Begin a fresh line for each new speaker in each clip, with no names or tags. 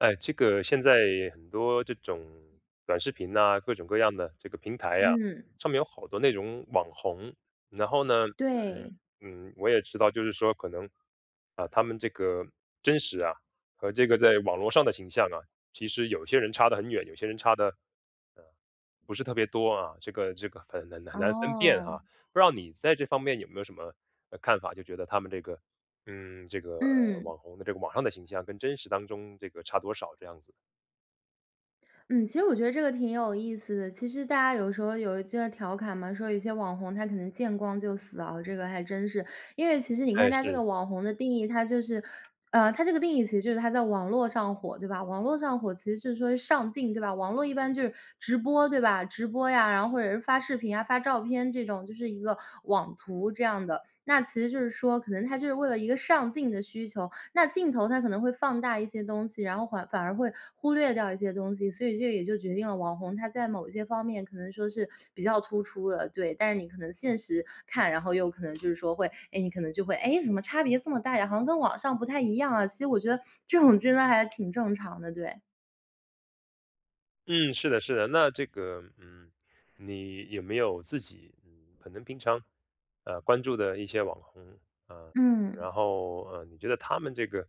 哎，这个现在很多这种短视频呐，各种各样的这个平台呀，
嗯。
上面有好多那种网红。然后呢，嗯，
对。
嗯，我也知道，就是说可能，啊，他们这个真实啊，和这个在网络上的形象啊，其实有些人差得很远，有些人差得，啊，不是特别多啊，这个这个很难很难分辨哈。
哦。
不知道你在这方面有没有什么，呃，看法，就觉得他们这个，嗯，这个
嗯。
网红的这个网上的形象跟真实当中这个差多少这样子。
嗯，其实我觉得这个挺有意思的，其实大家有时候有一些调侃嘛，说有一些网红他可能见光就死啊，这个还真是。因为其实你看
哎，
它这个
是。
网红的定义，它就是，呃，它这个定义其实就是他在网络上火，对吧，网络上火其实是说上镜，对吧，网络一般就是直播对吧，直播呀，然后或者是发视频啊，发照片这种，就是一个网图这样的。那其实就是说可能他就是为了一个上镜的需求，那镜头它可能会放大一些东西，然后缓反而会忽略掉一些东西，所以这也就决定了网红他在某些方面可能说是比较突出的，对。但是你可能现实看，然后又可能就是说会哎，你可能就会：“诶，怎么差别这么大呀，好像跟网上不太一样啊？”其实我觉得这种真的还挺正常的，对。
嗯，是的，是的。那这个，嗯，你有没有自己，嗯，可能平常，呃，关注的一些网红，呃，
嗯。
然后，呃，你觉得他们这个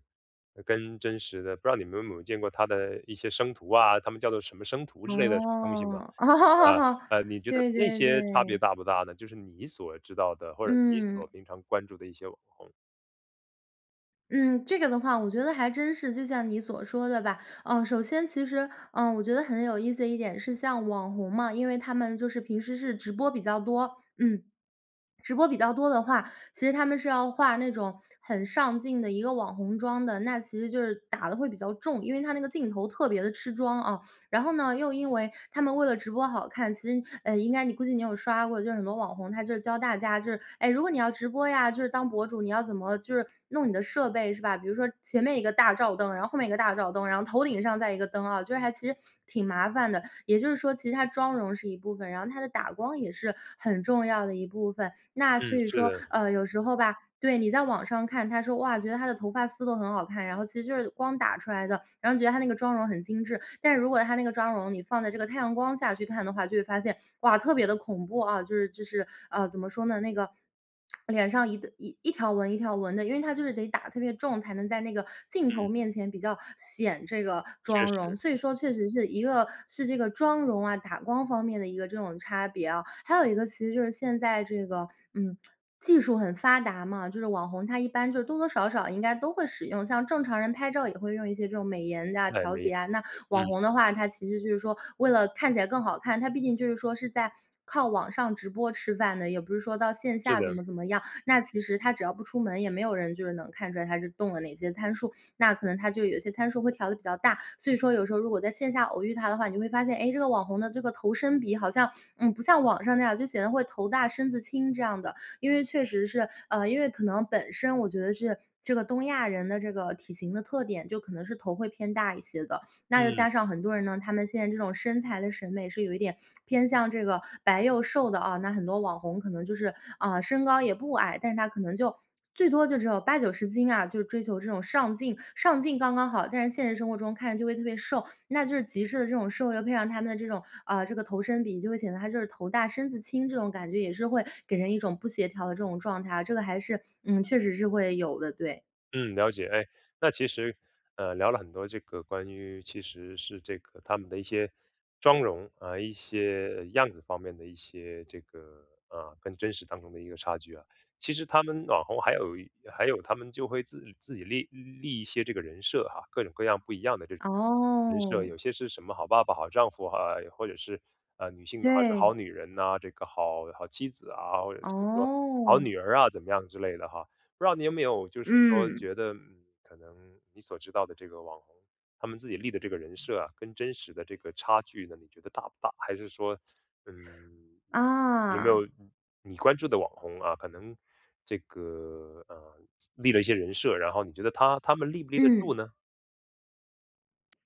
跟真实的，不知道你们有没有见过他的一些生图啊，他们叫做什么生图之类的东西吗？
哦，哦。
呃，呃，你觉得
对
那
对
些差别
对。
大不大呢？就是你所知道的，或者你
嗯。
所平常关注的一些网红。
嗯，这个的话我觉得还真是，就像你所说的吧，呃，首先其实，呃，我觉得很有意思的一点是像网红嘛，因为他们就是平时是直播比较多，嗯。直播比较多的话，其实他们是要画那种很上镜的一个网红妆的，那其实就是打得会比较重，因为它那个镜头特别地吃妆，啊。然后呢，又因为她们为了直播好看，其实，呃，应该你估计你有刷过，就是很多网红，她就是教大家就是：“哎，如果你要直播呀，就是当博主，你要怎么就是弄你的设备是吧？”比如说前面一个大照灯，然后后面一个大照灯，然后头顶上再一个灯啊。就是还其实挺麻烦的，也就是说其实她妆容是一部分，然后她的打光也是很重要的一部分。那所
嗯，
以
是
说，
的。
呃，有时候吧对，你在网上看她，说：“哇。”觉得她的头发丝都很好看，然后其实就是光打出来的，然后觉得她那个妆容很精致，但是如果她那个妆容你放在这个太阳光下去看的话，就会发现，哇，特别地恐怖，啊。就是，就是，啊，怎么说呢，那个，脸上一一一条纹一条纹的，因为它就是得打得特别重，才能在那个镜
嗯。
头面前比较显这个
确
妆容。
实。
所以说确实是一个是这个妆容啊，打光方面的一个这种差别啊，还有一个其实就是现在这个，嗯，技术很发达嘛，就是网红她一般就是多多少少应该都会使用，像正常人拍照也会用一些这种美颜呀、
哎，
调
没
节
有。
呀，那网
嗯。
红的话，她其实就是说为了看起来更好看，她毕竟就是说是在靠网上直播吃饭的，也不是说到线
是
下怎
的。
么怎么样。那其实她只要不出门，也没有人就是能看出来她是动了哪些参数，那可能她就有些参数会调得比较大。所以说有时候如果在线下偶遇她的话，你就会发现，诶，这个网红的这个头身比好像，嗯，不像网上那样，就显得会头大、身子轻这样的。因为确实是呃，因为可能本身我觉得是这个东亚人的这个体型的特点，就可能是头会偏大一些的，那又
嗯。
加上很多人呢，他们现在这种身材的审美是有一点 偏向这个白幼瘦的啊。那很多网红可能就是，啊，身高也不矮，但是她可能就最多就只有80-90斤啊，就是追求这种上镜。上镜刚刚好，但是现实生活中看着就会特别瘦，那就是极致的这种瘦，又配上他们的这种，啊，这个头身比就会显得她就是头大、身子轻，这种感觉。也是会给人一种不协调的这种状态啊，这个还是，嗯，确实是会有的，对。
嗯，了解。哎，那其实，呃，聊了很多这个关于其实是这个他们的一些妆容，呃，一些样子方面的一些这个，呃，跟真实当中的一个差距啊。其实他们网红还有一还有他们就会自自己立立一些这个人设哈，各种各样不一样的这人设，
哦。
有些是什么好爸爸、好丈夫，啊，或者是，呃，女性还是好
对。
女人呐，这个好好妻子啊，或者是说好
哦。
女儿啊，怎么样之类的哈。那你有没有就是说
嗯。
觉得，嗯，可能你所知道的这个网红他们自己立的这个人设啊，跟真实的这个差距呢，你觉得大不大？还是说，嗯，有没
啊。
有嗯，你关注的网红啊，可能这个，呃，立了一些人设，然后你觉得他他们立不立得住
嗯。
呢？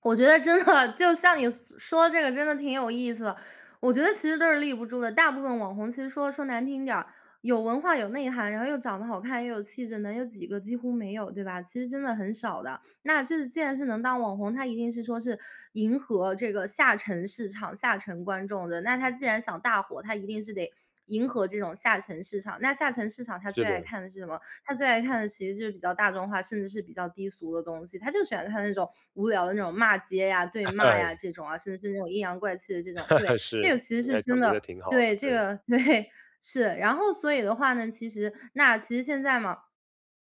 我觉得真的，就像你所说这个真的挺有意思的。我觉得其实都是立不住的，大部分网红其实说说难听点儿，有文化有内涵，然后又长得好看，又有气质的，能有几个，几乎没有，对吧？其实真的很少的，那就是既然是能当网红，他一定是说是迎合这个下沉市场，下沉观众的，那他既然想大火，他一定是得迎合这种下沉市场。那下沉市场，它
是
最爱
的。
看的是什么？它最爱看的其实就是比较大众化，甚至是比较低俗的东西，它就喜欢看那种无聊的那种骂街呀、对骂呀这种啊，甚至是那种阴阳怪气的这种。对，这
是，
个其实
你
是
还
真
总结得
的
挺好
对，
的，
这
对。
个对，是，然后所以的话呢，其实那其实现在嘛，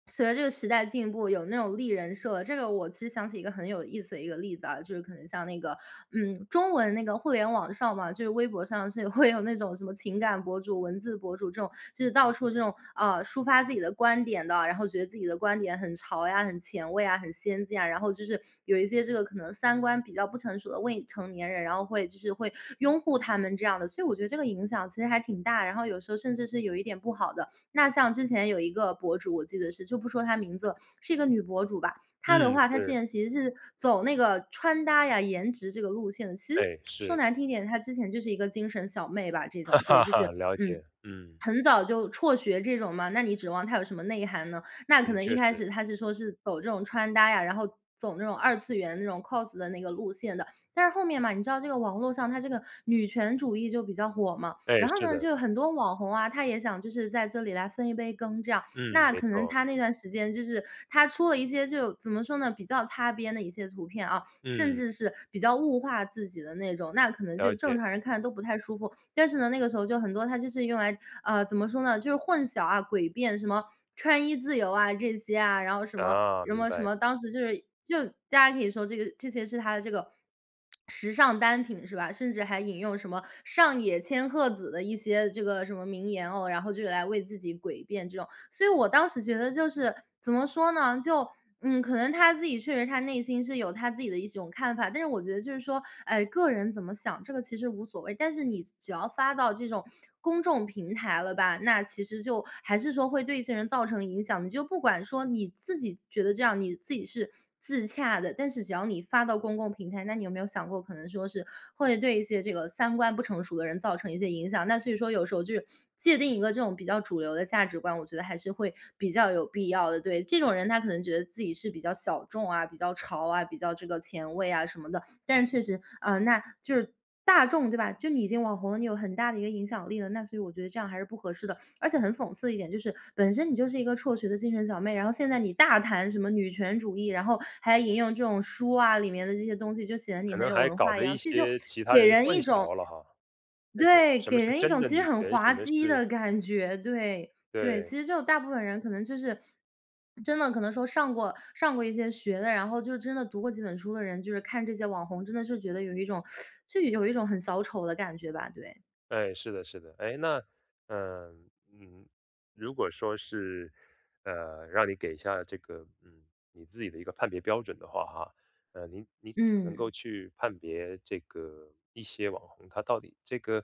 随着这个时代进步，有那种立人设。这个我其实想起一个很有意思的一个例子啊，就是可能像那个，嗯，中文那个互联网上嘛，就是微博上是会有那种什么情感博主、文字博主这种，就是到处这种，啊，抒发自己的观点的，然后觉得自己的观点很潮呀，很前卫啊、很先进啊。然后就是有一些这个可能三观比较不成熟的未成年人，然后会就是会拥护他们这样的，所以我觉得这个影响其实还挺大，然后有时候甚至是有一点不好的。那像之前有一个博主，我记得是，就不说她名字了，是一个女博主吧。她的
嗯，
话，她之
是。
前其实是走那个穿搭呀，颜值这个路线的，其实
哎，
说
是。
难听点，她之前就是一个精神小妹吧，这种对，就是
了
嗯，
解，嗯。
很早就辍学这种嘛，那你指望她有什么内涵呢？那可
嗯，
能一
确
开始
实。
她是说是走这种穿搭呀，然后走这种二次元那种 cos 的那个路线的，但是后面嘛，你知道这个网络上它这个女权主义就比较火嘛，
哎，
然后
是
呢，
的。
就有很多网红啊，她也想就是在这里来分一杯羹，这样。
嗯，
那
没
可能
错。
她那段时间就是她出了一些就怎么说呢，比较擦边的一些图片，啊，甚
嗯。
至是比较物化自己的那种，那可能就
了
正
解。
常人看都不太舒服，但是呢，那个时候就很多她就是用来，呃，怎么说呢？就混淆啊，诡辩什么穿衣自由啊这些啊，然后什么，
啊，
什
明
么，什
白。
么，当时就是就大家可以说这个这些是她的这个 时尚单品是吧，甚至还引用什么上野千鹤子的一些这个什么名言哦，然后就是来为自己诡辩这种。所以我当时觉得就是怎么说呢？就嗯，可能她自己确实她内心是有她自己的一种看法，但是我觉得就是说，哎，个人怎么想，这个其实无所谓，但是你只只要发到这种公众平台了吧，那其实就还是说会对一些人造成影响的。你就不管说你自己觉得这样你自己是自洽的，但是只要你发到公共平台，那你有没有想过，可能说是会对一些这个三观不成熟的人造成一些影响，那所以说有时候就是界定一个这种比较主流的价值观，我觉得还是会比较有必要的。对，这种人她可能觉得自己是比较小众啊、比较潮啊，比较这个前卫啊什么的，但是确实，呃，那就是大众对吧，就你已经网红了，你有很大的一个影响力了，那所以我觉得这样还是不合适的。而且很讽刺的一点就是，本身你就是一个辍学的精神小妹，然后现在你大谈什么女权主义，然后还引用这种书啊，里面的这些东西就显得你
可
很
能
有
还
文
搞
化一
了
样，
一
所以就
些其他
给
人
人
混
一种
淆了哈，这种
对，
什么
给
是
人一
真
种
的
其实
女
很
权，什
滑
么
稽
是
的感觉，对，对。
对。
其实就大部分人可能就是真的可能说上过上过一些学的，然后就是真的读过几本书的人，就是看这些网红，真的是觉得有一种，就有一种很小丑的感觉吧，对。
哎，是的，是的。诶，那，呃，嗯，如果说是，呃，让你给一下这个，嗯，你自己的一个判别标准的话哈，呃，你你怎么能够
嗯。
去判别这个一些网红他到底这个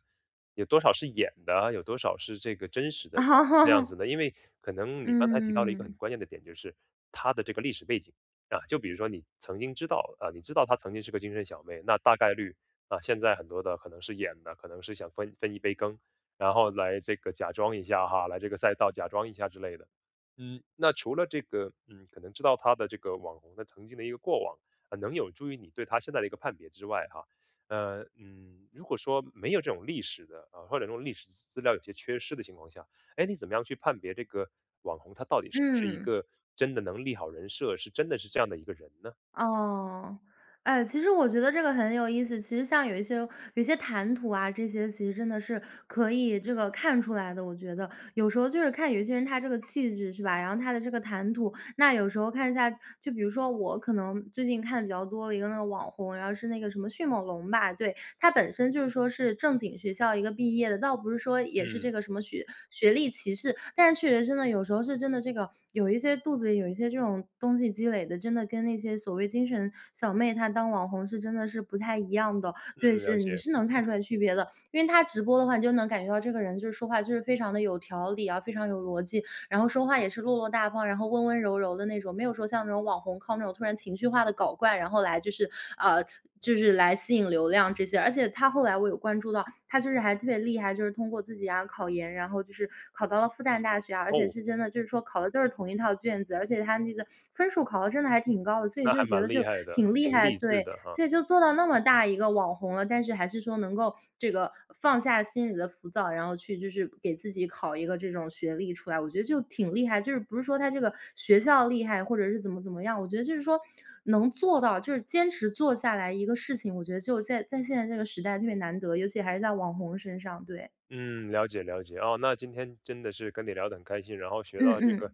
有多少是演的，有多少是这个真实的，这样子呢？因为可能你刚才提到了一个
嗯。
很关键的点就是，她的这个历史背景，啊，就比如说你曾经知道，啊，你知道她曾经是个精神小妹，那大概率，啊，现在很多的可能是演的，可能是想分分一杯羹，然后来这个假装一下哈，来这个赛道假装一下之类的。嗯，那除了这个，嗯，可能知道她的这个网红的曾经的一个过往，呃能有助于你对她现在的一个判别之外哈，呃，嗯，如果说没有这种历史的，呃，或者说用历史资料有些缺失的情况下，诶，你怎么样去判别这个网红，她到底是不是一
嗯。
个真的能立好人设、是真的是这样的一个人呢？
哦，哎，其实我觉得这个很有意思。其实像有一些有一些谈吐啊，这些其实真的是可以这个看出来的，我觉得。有时候就是看有一些人他这个气质，是吧？然后他的这个谈吐，那有时候看一下就比如说我可能最近看的比较多的一个那个网红，然后是那个什么迅猛龙吧，对。她本身就是说是正经学校一个毕业的，倒不是说，也是
嗯。
这个什么学学历歧视，但是确实真的，有时候是真的这个有一些肚子里有一些这种东西积累的，真的跟那些所谓精神小妹她当网红是真的是不太一样的。对，
嗯，了
是，你
解。
是能看出来区别的，因为她直播的话，你就能感觉到这个人就是说话，就是非常的有条理啊，非常有逻辑，然后说话也是落落大方，然后温温柔柔的那种，没有说像这种网红靠那种突然情绪化地搞怪，然后来就是，呃，就是来吸引流量这些。而且她后来我有关注到，她就是还特别厉害，就是通过自己啊，考研，然后就是考到了复旦大学啊，而且
哦。
是真的，就是说考的都是同一套卷子，而且她那个分数考得真的还挺高的。所以
那
就
还
觉
蛮
得就
厉害的，
挺厉
挺
害，
励志
对，
的哈。
对，就做到那么大一个网红了，但是还是说能够这个放下心里的浮躁，然后去就是给自己考一个这种学历出来。我觉得就挺厉害，就是不是说她这个学校厉害，或者是怎么怎么样，我觉得就是说能做到就是坚持做下来一个事情，我觉得就现在在现在这个时代特别难得，尤其还是在网红身上，对。
嗯，了解，了解，啊，那今天真的是跟你聊得很开心，然后学
嗯
到这个
嗯。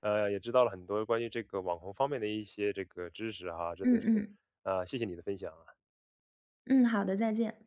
呃，也知道了很多关于这个网红方面的一些这个知识啊，真
嗯
的是，
嗯。
呃，谢谢你的分享啊。
嗯，好的，再见。